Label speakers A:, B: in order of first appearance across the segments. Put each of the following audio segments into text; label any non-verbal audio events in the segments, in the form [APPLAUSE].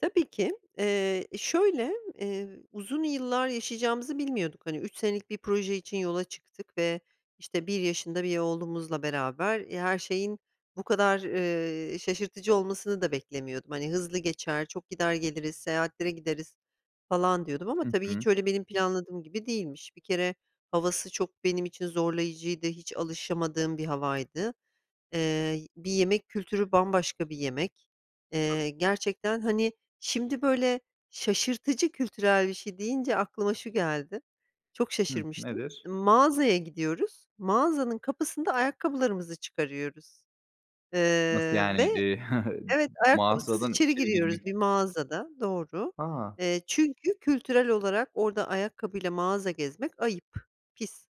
A: Tabii ki, eee, e, şöyle, eee, uzun yıllar yaşayacağımızı bilmiyorduk. Hani 3 senelik bir proje için yola çıktık ve, işte, 1 yaşında bir oğlumuzla beraber, e, her şeyin bu kadar, ııı, şaşırtıcı olmasını da beklemiyordum. Hani hızlı geçer, çok gider geliriz seyahatlere gideriz falan diyordum ama,
B: Hı
A: tabii, hiç
B: hı.
A: öyle benim planladığım gibi değilmiş. Bir kere havası çok benim için zorlayıcıydı, hiç alışamadığım bir havaydı. Iıı, bir yemek kültürü bambaşka bir yemek.
B: Tabii.
A: Eee gerçekten, hani, şimdi, böyle, şaşırtıcı kültürel bir şey deyince aklıma şu geldi. Çok
B: Hıh,
A: şaşırmıştım.
B: nedir?
A: M mağazaya gidiyoruz, mağazanın kapısında ayakkabılarımızı çıkarıyoruz.
B: Nasıl
A: Iıı,
B: yani?
A: ve
B: İii, [CHUCKLES] m
A: Evet, ayakkabısız
B: mağazadan
A: içeri
B: içeri
A: giriyoruz
B: girmek
A: bir mağazada, doğru.
B: A!
A: Eee, çünkü kültürel olarak orada ayakkabıyla mağaza gezmek ayıp, pis.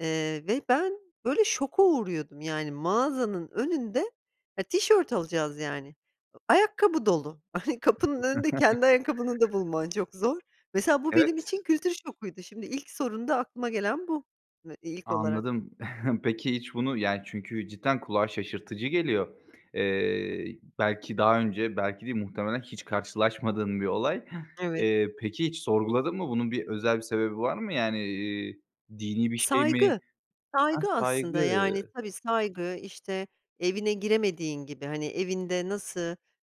A: Eee, ve ben böyle şoka uğruyordum yani, mağazanın önünde e, tişört alacağız yani. Iıı, ayakkabı dolu. [SCOFFS] Kapının önünde kendi ayakkabını da
B: [CHUCKLES]
A: bulman çok zor. Mesela bu benim
B: Evet.
A: için kültür şokuydu, şimdi ilk sorunda aklıma gelen bu [UNINTELLIGIBLE] ilk olarak.
B: Anladım. [CHUCKLES] Peki hiç bunu yani çünkü cidden kulağa şaşırtıcı geliyor. Eee, belki daha önce, belki değil muhtemelen hiç karşılaşmadığın bir olay.
A: Evet.
B: Eee, peki, hiç sorguladın mı? Bunun bir özel bir sebebi var mı? Yani, iii, dini bir şey mi?
A: Saygı.
B: Ha,
A: Saygı
B: saygı.
A: aslında, yani, tabii, saygı. İşte, evine giremediğin gibi. Hani evinde nasıl,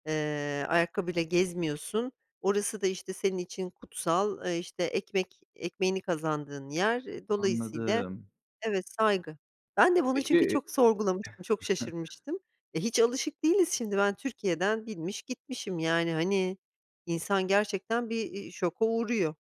A: ııı, ayakkabıyla gezmiyorsun, orası da, işte, senin için kutsal, e, işte, ekmek ekmeğini kazandığın yer, eee, dolayısıyla,
B: Anladım.
A: evet, saygı. Ben de bunu
B: Peki
A: çünkü çok sorgulamıştım, çok
B: [CHUCKLES]
A: şaşırmıştım. E, hiç alışık değiliz. Şimdi ben Türkiye'den binmiş gitmişim yani hani, insan gerçekten bir, iii, şoka uğruyor.